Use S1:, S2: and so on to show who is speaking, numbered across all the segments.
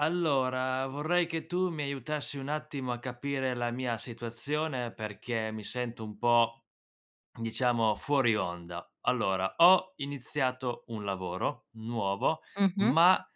S1: Allora, vorrei che tu mi aiutassi un attimo a capire la mia situazione, perché mi sento un po', diciamo, fuori onda. Allora, ho iniziato un lavoro nuovo,
S2: Mh-mh.
S1: ma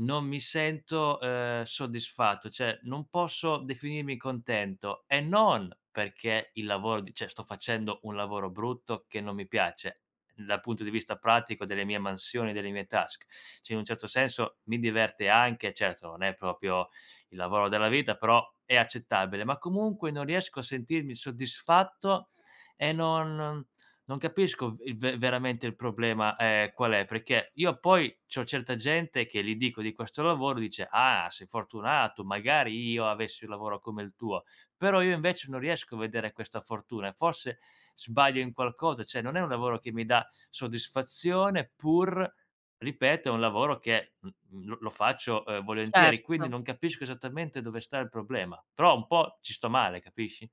S1: non mi sento, ehm, soddisfatto, cioè, non posso definirmi contento e non perché il lavoro di cioè sto facendo un lavoro brutto, che non mi piace dal punto di vista pratico, delle mie mansioni, delle mie task. Cioè, in un certo senso, mi diverte anche. Certo, non è proprio il lavoro della vita, però è accettabile, ma comunque non riesco a sentirmi soddisfatto e non non capisco v il ve veramente il problema, ehm, qual è, perché io, poi, c'ho certa gente che gli dico di questo lavoro, dice: "Ah! Sei fortunato! Magari io avessi un lavoro come il tuo!", però io, invece, non riesco a vedere questa fortuna, e forse sbaglio in qualcosa. Cioè, non è un lavoro che mi dà soddisfazione, pur ripeto, è un lavoro che m mhmm, lo lo faccio, ehm, volentieri. Quindi,
S2: Certo.
S1: non capisco esattamente dove sta il problema, però un po' ci sto male, capisci?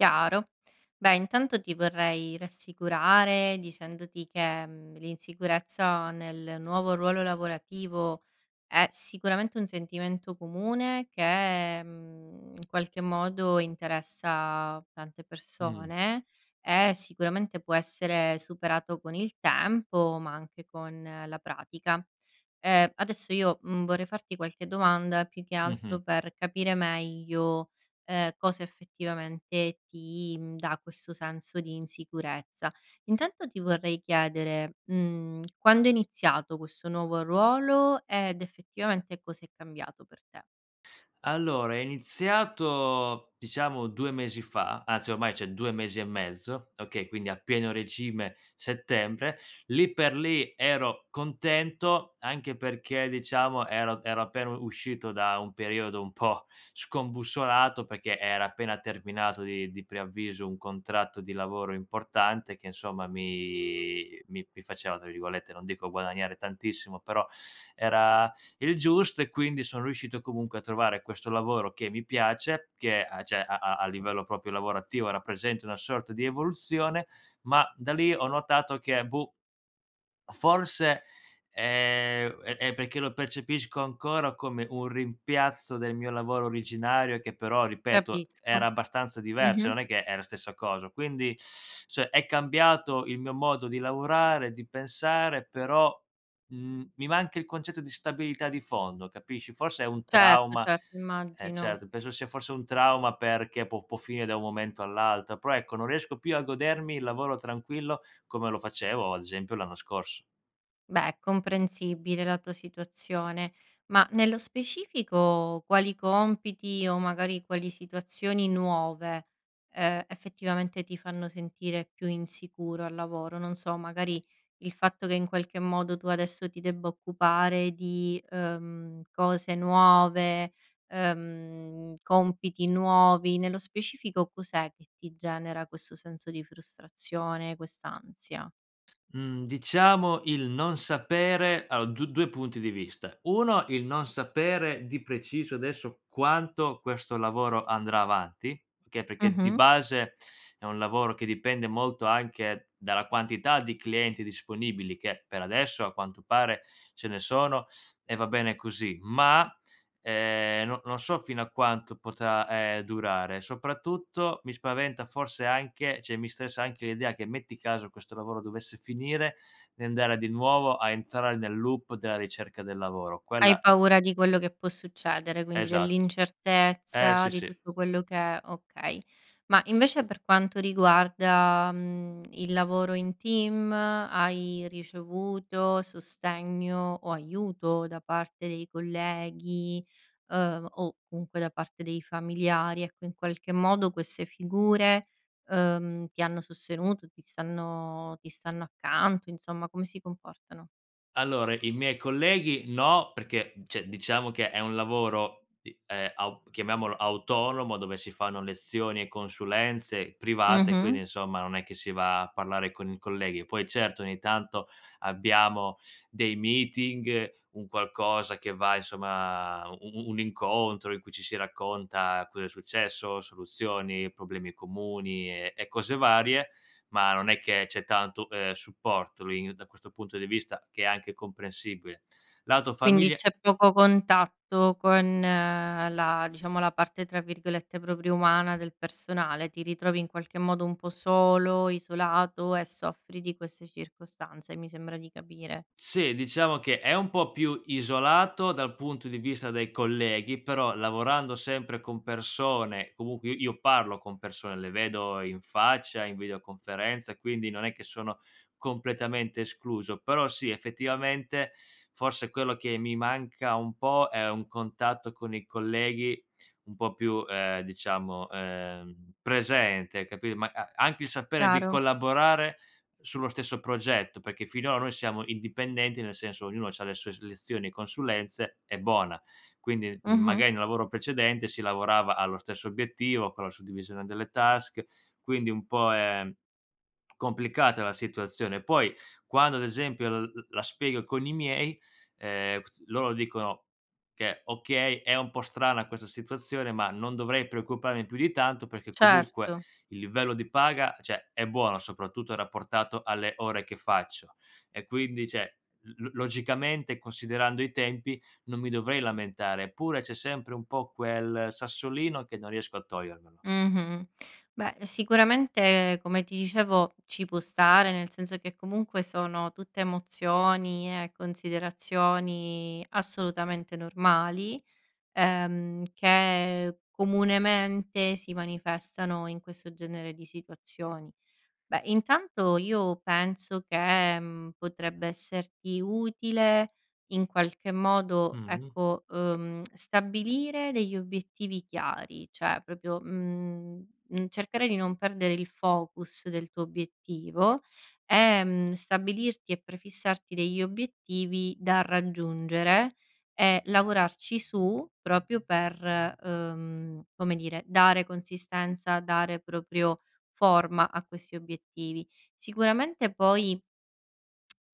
S2: Chiaro. Beh, intanto ti vorrei rassicurare, dicendoti che, mhmm, l'insicurezza nel nuovo ruolo lavorativo è sicuramente un sentimento comune, che, mhmm, in qualche modo interessa tante
S1: Mh.
S2: persone e sicuramente può essere superato con il tempo ma anche con la pratica. Ehm, adesso io, mhmm, vorrei farti qualche domanda, più che
S1: Mh-mh.
S2: altro, per capire meglio, ehm, cosa effettivamente ti, mhmm, dà questo senso di insicurezza. Intanto ti vorrei chiedere, mhmm, quando è iniziato questo nuovo ruolo ed effettivamente cosa è cambiato per te?
S1: Allora, è iniziato, diciamo, 2 mesi fa, anzi ormai cioè 2 mesi e mezzo, okay? Quindi a pieno regime, settembre. Lì per lì ero contento anche perché, diciamo, ero ero appena u uscito da un periodo un po' scombussolato, perché era appena terminato di di preavviso un contratto di lavoro importante che, insomma, mi mi mi faceva, tra virgolette, non dico "guadagnare tantissimo", però era il giusto, e quindi son riuscito comunque a trovare questo lavoro che mi piace, che a cioè, a a livello, proprio, lavorativo, rappresenta una sorta di evoluzione, ma da lì ho notato che boh o forse, ehm, è è perché lo percepisco ancora come un rimpiazzo del mio lavoro originario che però, ripeto, era
S2: Capisco.
S1: abbastanza diver cioè
S2: Mh-mh.
S1: non è che è la stessa coso. Quindi, cioè, è cambiato il mio modo di lavorare, di pensare, però, mhmm, mi manca il concetto di stabilità di fondo, capisci? Forse è un
S2: Certo,
S1: trauma
S2: certo,
S1: eh,
S2: immagino.
S1: certo, penso sia forse un trauma perché può può finire da un momento all'altro. Però, ecco, non riesco più a godermi il lavoro tranquillo, come lo facevo, ad esempio, l'anno scorso.
S2: Beh, è comprensibile la tua situazione. Ma nello specifico quali compiti, o magari, quali situazioni nuove, ehm, effettivamente, ti fanno sentire più insicuro al lavoro? Non so, magari, il fatto che, in qualche modo, tu adesso ti debba occupare di, ehm, cose nuove, ehm, compiti nuovi? Nello specifico, cos'è che ti genera questo senso di frustrazione, quest'ansia?
S1: Mhmm, diciamo, il non sapere a ho d due punti di vista. 1, il non sapere di preciso, adesso, quanto questo lavoro andrà avanti, che perché di
S2: Mh-mh.
S1: base, è un lavoro che dipende molto anche dalla quantità di clienti disponibili, che per adesso, a quanto pare, ce ne sono e va bene così; ma, ehm, no non so fino a quanto potrà, ehm, durare. Soprattutto, mi spaventa forse anche cioè mi stressa anche l'idea che, metti caso questo lavoro dovesse finire, di andare a di nuovo a entrare nel loop della ricerca del lavoro.
S2: Hai
S1: Quella
S2: paura di quello che può succedere, quindi
S1: Esatto. Eh,
S2: dell'incertezza
S1: sì,
S2: di
S1: sì.
S2: tutto quello che è okay. Ma, invece, per quanto riguarda, mhmm, il lavoro in team, hai ricevuto sostegno o aiuto da parte dei colleghi, ehm, o comunque da parte dei familiari? Ecco, in qualche modo queste figure, ehm, ti hanno sostenuto, ti stanno ti stanno accanto, insomma? Come si comportano?
S1: Allora, i miei colleghi no, perché, cioè diciamo che è un lavoro, i ehm, aup chiamiamolo autonomo, dove si fanno lezioni e consulenze private,
S2: Mh-mh.
S1: quindi, insomma, non è che si va a parlare con i colleghi. Poi, certo, ogni tanto abbiamo dei meeting, un qualcosa che va insomma, u u u un incontro in cui ci si racconta cosa è successo, soluzioni, problemi comuni, e e cose varie, ma non è che c'è tanto, ehm, supporto lì da questo punto di vista, che è anche comprensibile. Lato
S2: Quindi
S1: familia
S2: c'è poco contatto con la diciamo la parte, tra virgolette, proprio umana del personale. Ti ritrovi in qualche modo un po' solo, isolato e soffri di queste circostanze, mi sembra di capire.
S1: Sì, diciamo che è un po' più isolato dal punto di vista dei colleghi, però, lavorando sempre con persone comunque i io parlo con persone, le vedo in faccia, in videoconferenza, e quindi non è che sono completamente escluso. Però sì, effettivamente, forse quello che mi manca un po' è un contatto con i colleghi un po' più, ehm, diciamo, ehm, presente, capi ma a anche il sapere di
S2: Chiaro.
S1: collaborare sullo stesso progetto, perché finora noi siamo indipendenti, nel senso ognuno c'ha le sue s lezioni e consulenze, e bona. Quindi, m
S2: Mh-mh.
S1: magari, in un lavoro precedente si lavorava allo stesso obiettivo con la suddivisione delle task, quindi un po' è complicata la situazione. Poi quando, ad esempio, l l la spiego con i miei, ehm, [unintelligible] loro dicono che, okay, è un po' strana questa situazione, ma non dovrei preoccuparmi più di tanto, perché comunque
S2: Certo.
S1: il livello di paga, cioè è buono, soprattutto rapportato alle ore che faccio. E quindi, cioè, l l logicamente, considerando i tempi, non mi dovrei lamentare. Eppure, c'è sempre un po' quel sassolino, che non riesco a togliermelo.
S2: Mh-mh. Beh, sicuramente, come ti dicevo, ci può stare, nel senso che, comunque, sono tutte emozioni e considerazioni assolutamente normali, ehm, che, comunemente, si manifestano in questo genere di situazioni. Beh, intanto, io penso che, mhmm, potrebbe esserti utile, in qualche modo,
S1: Mh-mh.
S2: ecco, ehm, stabilire degli obiettivi chiari. Cioè, proprio, mhmm, mhmm, cercare di non perdere il focus del tuo obiettivo, e, mhmm, stabilirti e prefissarti degli obiettivi da raggiungere, e lavorarci su proprio per, ehm, come dire, dare consistenza, dare, proprio, forma a questi obiettivi. Sicuramente, poi,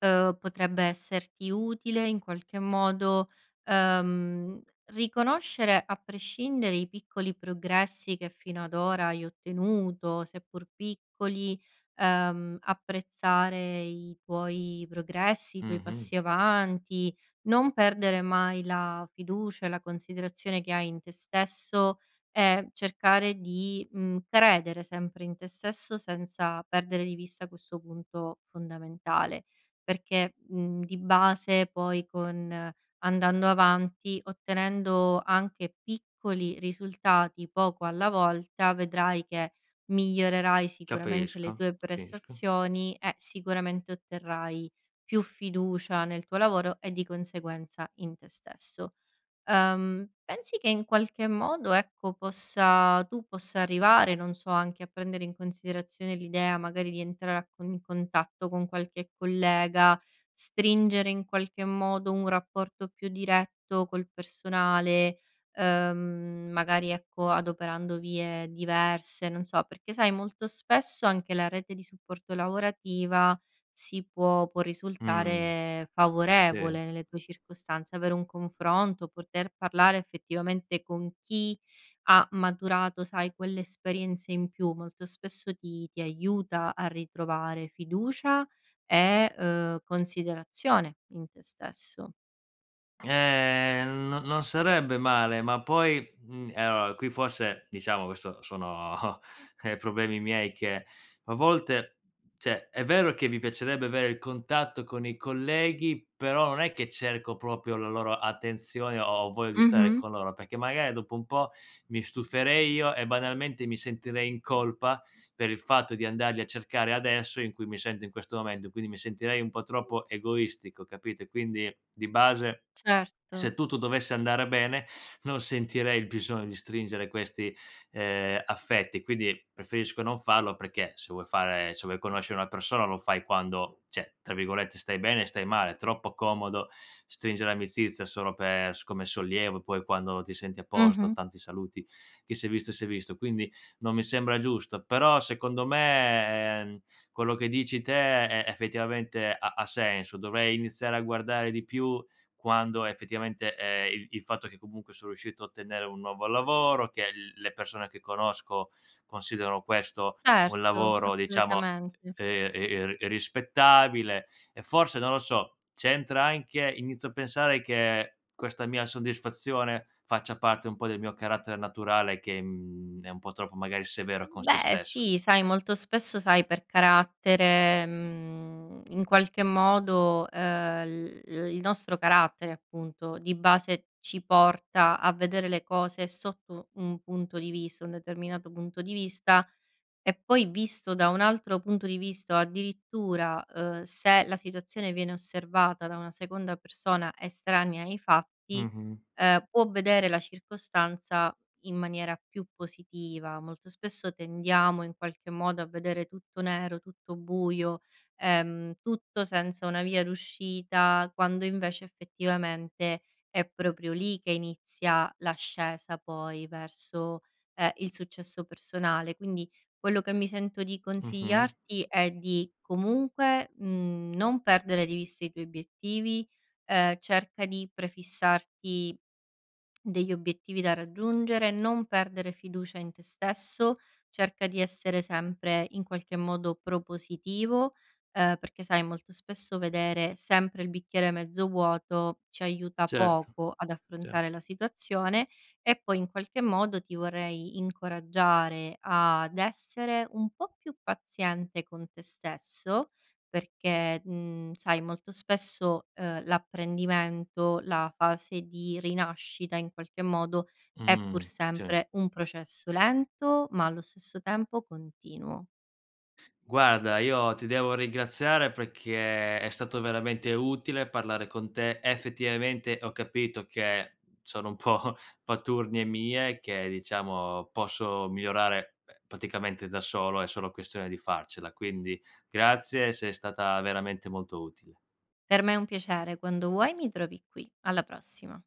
S2: ehm, potrebbe esserti utile, in qualche modo, ehm, riconoscere, a prescindere, i piccoli progressi che fino ad ora hai ottenuto. Seppur piccoli, ehm, apprezzare i tuoi progressi, i tuoi
S1: Mh-mh.
S2: passi avanti, non perdere mai la fiducia e la considerazione che hai in te stesso, e cercare di, mhmm, credere sempre in te stesso senza perdere di vista questo punto fondamentale. Perché, mhmm, di base poi, con andando avanti, ottenendo anche piccoli risultati, poco alla volta vedrai che migliorerai sicuramente le
S1: Capisco,
S2: tue
S1: capisco.
S2: prestazioni e sicuramente otterrai più fiducia nel tuo lavoro e di conseguenza in te stesso. Ehm, pensi che, in qualche modo, ecco, possa tu possa arrivare, non so, anche a prendere in considerazione l'idea magari di entrare a con in contatto con qualche collega, stringere, in qualche modo, un rapporto più diretto col personale, ehm, mhmm, magari, ecco, adoperando vie diverse? Non so. perché sai, molto spesso, anche la rete di supporto lavorativa si può può
S1: Mh,
S2: risultare
S1: sìr.
S2: favorevole, nelle tue circostanze. Avere un confronto, poter parlare effettivamente con chi ha maturato, sai, quell'esperienza in più, molto spesso ti ti aiuta a ritrovare fiducia e, ehm, considerazione in te stesso.
S1: Ehm, no non sarebbe male, ma poi, mhmm, e allora, qui forse diciamo, questo sono eh, problemi miei che, a volte, cioè è vero che mi piacerebbe avere il contatto con i colleghi, però non è che cerco proprio la loro attenzione o ho voglia di stare
S2: Mh-mh.
S1: con loro, perché, magari, dopo un po', mi stuferei io e, banalmente, mi sentirei in colpa, per il fatto di andarli a cercare adesso in cui mi sento in questo momento, e quindi mi sentirei un po' troppo egoistico, capito? E quindi, di base,
S2: Certo.
S1: se tutto dovesse andare bene, non sentirei il bisogno di stringere questi, ehm, affetti. Quindi, preferisco non farlo, perché se vuoi fare se vuoi conoscere una persona lo fai quando cioè, tra virgolette, "stai bene" e "stai male". Troppo comodo stringere amicizia solo per s come sollievo, poi quando ti senti a posto:
S2: Mh-mh.
S1: "Tanti saluti, chi si è visto, si è visto". Quindi non mi sembra giusto. Però, secondo me, ehm, quello che dici te è effettivamente ha ha senso, dovrei iniziare a guardare di più quando effettivamente, ehm il il fatto che, comunque, son riuscito a ottenere un nuovo lavoro, che il le persone che conosco considerano questo un
S2: Certo,
S1: lavoro, diciamo,
S2: assolutamente.
S1: ehm, e e e ri rispettabile e forse, non lo so, c'entra anche inizio a pensare che questa mia soddisfazione faccia parte un po' del mio carattere naturale che, mhmm, è un po' troppo, magari, severo con
S2: Mhmm,
S1: sé
S2: beh,
S1: stesso.
S2: sì. Sai, molto spesso, sai, per carattere, mhmm, in qualche modo, ehm, l l il nostro carattere, appunto, di base, ci porta a vedere le cose sotto un punto di vista, un determinato punto di vista, e poi visto da un altro punto di vista addirittura, ehm, se la situazione viene osservata da una seconda persona, estranea ai fatti,
S1: Mh-mh.
S2: ehm, può vedere la circostanza in maniera più positiva. Molto spesso tendiamo, in qualche modo, a vedere tutto nero, tutto buio, ehm, tutto senza una via d'uscita, quando invece, effettivamente, è proprio lì che inizia l'ascesa, poi, verso, ehm, il successo personale. Quindi, quello che mi sento di
S1: Mh-mh.
S2: consigliarti è di, comunque, mhmm, non perdere di vista i tuoi obiettivi. Ehm, cerca di prefissarti degli obiettivi da raggiungere, non perdere fiducia in te stesso, cerca di essere sempre, in qualche modo, propositivo, ehm, perché sai, molto spesso vedere sempre il bicchiere mezzo vuoto ci aiuta
S1: Certo,
S2: poco ad
S1: cer
S2: affrontare la situazione. E poi, in qualche modo, ti vorrei incoraggiare ad essere un po' più paziente con te stesso perché, mhmm, sai, molto spesso, ehm, l'apprendimento, la fase di rinascita, in qualche modo, è pur
S1: Mh, sì.
S2: sempre un processo lento, ma allo stesso tempo continuo.
S1: Guarda, io ti devo ringraziare, perché è stato veramente utile parlare con te. Effettivamente, ho capito che sono un po' paturnie mie che, diciamo, posso migliorare, ehm, praticamente da solo, è solo questione di farcela. Quindi grazie, sei stata veramente molto utile.
S2: Per me è un piacere, quando vuoi mi trovi qui. Alla prossima.